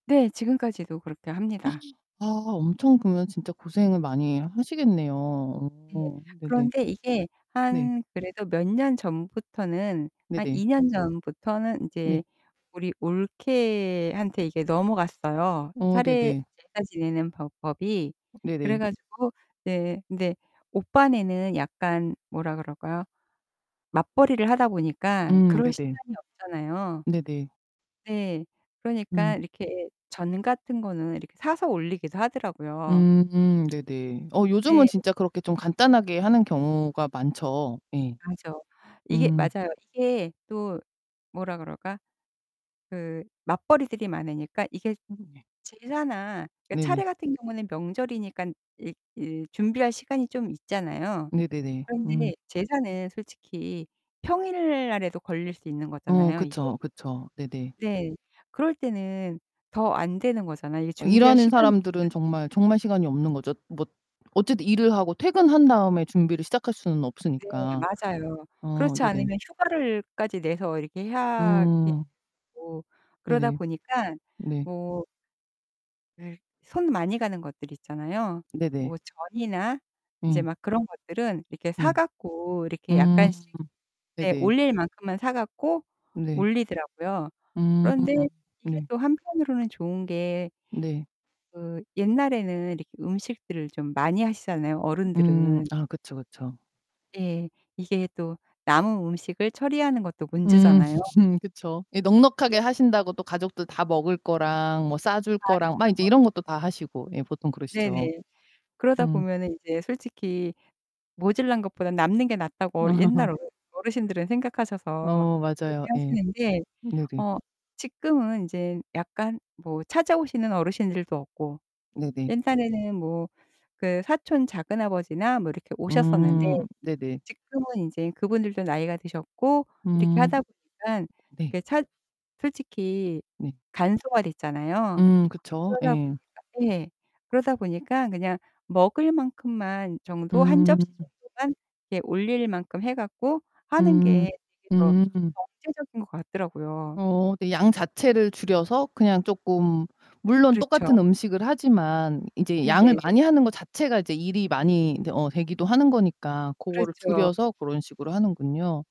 네. 지금까지도 그렇게 합니다. 아 엄청 그냥 진짜 고생을 많이 하시겠네요. 예. 어. 네네. 그런데 이게 네. 한 그래도 몇 년 전부터는 한 네네. 2 년 전부터는 네. 이제 우리 올케한테 이게 넘어갔어요, 어 차례 네네. 제사 제사 지내는 법 법이. 그래 네네. 가지고 예예 근데 오빠네는 약간 뭐라 그럴까요 맞벌이를 하다 보니까 음 그럴 네네. 시간이 없잖아요. 네네. 네. 음. 그러니까 이렇게 전 같은 거는 이렇게 사서 올리기도 하더라고요. 음 음. 네네. 어 요즘은 네. 진짜 그렇게 좀 간단하게 하는 경우가 많죠. 예. 명조 이게 음. 맞아요. 이게 또 뭐라 그럴까? 그 맞벌이들이 많으니까 이게 음 예. 제사나 그러니까 네네. 차례 같은 경우에는 명절이니깐 이 이 준비할 시간이 좀 있잖아요. 네네네. 음. 그런데 제사는 솔직히 평일 날에도 걸릴 수 있는 어, 거잖아요 이게. 그쵸. 그쵸. 네네. 네. 그럴 때는 더 안 되는 거잖아요. 이게 어 준비할 일하는 시간이 사람들은 없으 정말, 정말 시간이 없는 거죠. 뭐 어쨌든 일을 하고 퇴근한 다음에 준비를 시작할 수는 네. 없으니까. 맞아요. 어 그렇지 네네. 않으면 휴가를 까지 내서 이렇게 해야 예 음. 되고 그러다 네네. 보니깐 네. 뭐 예. 손 많이 가는 것들 있잖아요. 네네. 뭐 전이나 이제 음. 막 그런 것들은 이렇게 사 네. 갖고 이렇게 음. 약간씩 네 네네. 올릴 만큼만 사 갖고 네. 올리더라고요. 음. 그런데 이게 네. 또 한편으로는 좋은 게 네. 그 옛날에는 이렇게 음식들을 좀 많이 하시잖아요, 음. 어른들은. 아 그쵸, 그쵸. 예. 이게 또 남은 음식을 처리하는 것도 음 문제잖아요. 그쵸. 예. 네. 넉넉하게 하신다고 또 가족들 다 먹을 거랑 뭐 싸 줄 거랑 막 인제 맞아요. 이런 것도 다 하시고. 예. 보통 그러시죠. 네네. 그러다 음. 보면은 인제 솔직히 모자란 것보다는 남는 게 낫다고 어르 옛날 어른 어르신들은 생각하셔서 어 맞아요. 그렇게 예. 하시는데 네네. 어 지금은 인제 약간 뭐 찾아오시는 어르신들도 없고 네네. 옛날에는 뭐 그 사촌 작은아버지나 뭐 이렇게 오셨었는데 음. 네네. 지금은 인제 그분들도 나이가 드셨고 이렇게 음. 하다 보니깐 네. 그 찾 솔직히 네. 간소화됐잖아요. 음 그쵸. 그러다 예. 보니까 예. 그러다 보니까 그냥 먹을 만큼만 정도 1 음. 접시 정도만 예 올릴 만큼 해 갖고 하는 음. 게 이게 더 음음. 경제적인 것 같더라고요. 어어 네. 양 자체를 줄여서 그냥 쪼끔 물론 그렇죠. 똑같은 음식을 하지만 인제 양을 네네. 많이 하는 것 자체가 일이 많이 인제 어 되기도 하는 거니까 고거를 그렇죠. 줄여서 고런 식으로 하는군요.